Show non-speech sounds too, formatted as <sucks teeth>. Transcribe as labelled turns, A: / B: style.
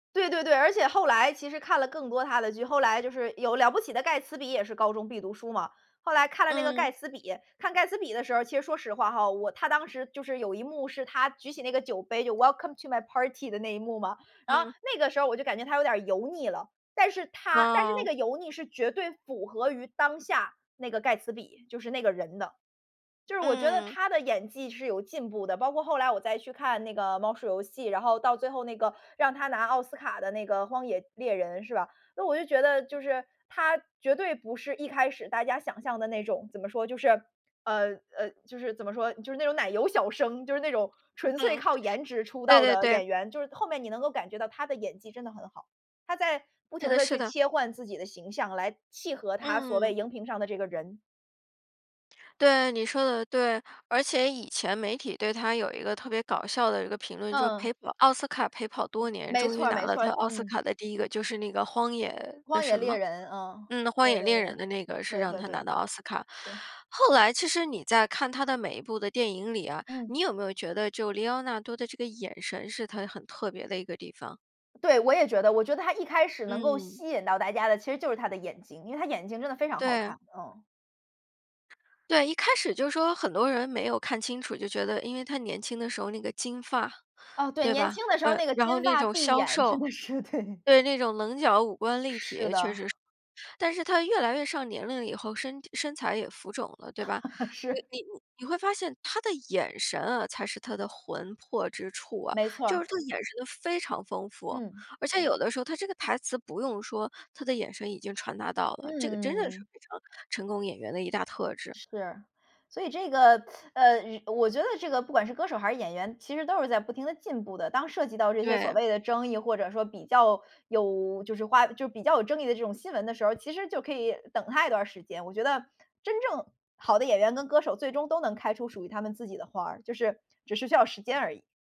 A: 对对对，而且后来其实看了更多他的剧后来就是有《了不起的盖茨比》也是高中必读书嘛，后来看了那个
B: 嗯。
A: 盖茨比，看盖茨比的时候其实说实话哈，我他当时就是有一幕是他举起那个酒杯，就 “Welcome to my party” 的那一幕嘛，然后
B: 嗯。
A: 那个时候我就感觉他有点儿油腻了。但是他但是
B: 哦。
A: 那个油腻是绝对符合于当下那个盖茨比，就是那个人的。就是我觉得
B: 嗯。
A: 他的演技是有进步的，包括后来我再去看那个《猫鼠游戏》，然后到最后那个，让他拿奥斯卡的那个《荒野猎人》，是吧？那我就觉得就是，他绝对不是一开始大家想象的那种怎么说就是呃，呃就是怎么说，就是那种奶油小生，就是那种纯粹
B: 嗯，
A: 靠颜值出
B: 对
A: 道
B: 对
A: 的
B: 对。
A: 演员，就是后面你能够感觉到他的演技真的很好，他在不
B: 是
A: 停
B: 的
A: 地
B: 是
A: 去
B: 的。
A: 切换自己的形象来契合他所谓
B: 嗯。
A: 荧屏上的这个人。
B: 对，你说得对。而且以前媒体对他有一个特别搞笑的一个评论，就是
A: 嗯。
B: 陪跑奥斯卡陪跑多年，
A: 没
B: 终于
A: 错
B: 拿
A: 没
B: 了
A: 错，
B: 他奥斯
A: 嗯。
B: 卡的第1个，就是那个荒野的
A: 《荒野
B: 什
A: 猎
B: 么？
A: 人》，嗯，
B: 嗯，《荒
A: 对
B: 野
A: 对
B: 猎人》的那个是
A: 对，对
B: 让
A: 对-
B: 他拿
A: 对。
B: 到奥斯卡。
A: 对。
B: 后来其实你在看他的每一部的电影里啊，
A: 嗯。
B: 你有没有觉得就里奥纳多的这个眼神是他很特别的一个地方？
A: 对，我也觉得。我觉得他一开始能够
B: 嗯。
A: 吸引到大家的其实就是他的眼睛，因为他的眼睛真的非常好
B: 对。
A: 看。嗯。
B: 对，一开始就说很多人，没有看清楚，就觉得因为他年轻的时候那个金发，
A: 哦，对，
B: 对
A: 年
B: 吧？
A: 轻的时候
B: 嗯，
A: 那个
B: 然后
A: 金
B: 那
A: 发
B: 种
A: 碧
B: 削
A: 眼，真
B: 瘦
A: 的是，对。
B: 对，那种棱角五官立
A: 是
B: 体确
A: 的。
B: 实是，但是他越来越上年龄以后，身体身材也浮肿了，对吧？
A: <laughs>
B: 你
A: 是。
B: 你你会发现他的眼神啊，才是他的魂魄之处啊，
A: 没错
B: 就是
A: 儿。
B: 他的眼神都非常丰富，
A: 嗯。
B: 而且有的时候他这个台词不用说他的眼神已经传达到了，这个真的是
A: 嗯。
B: 非常成功演员的一大特质。
A: 是，所以这个 <sucks teeth> 呃，我觉得这个不管是歌手还是演员，其实都是在不停地进步的。当涉及到这些所
B: 对。
A: 谓的争议，或者说比较有就是花就比较有争议的这种新闻的时候，其实就可以等他一段儿时间。我觉得真正好的演员跟歌手最终都能开出属于他们自己的花儿，就是只是需要时间而已。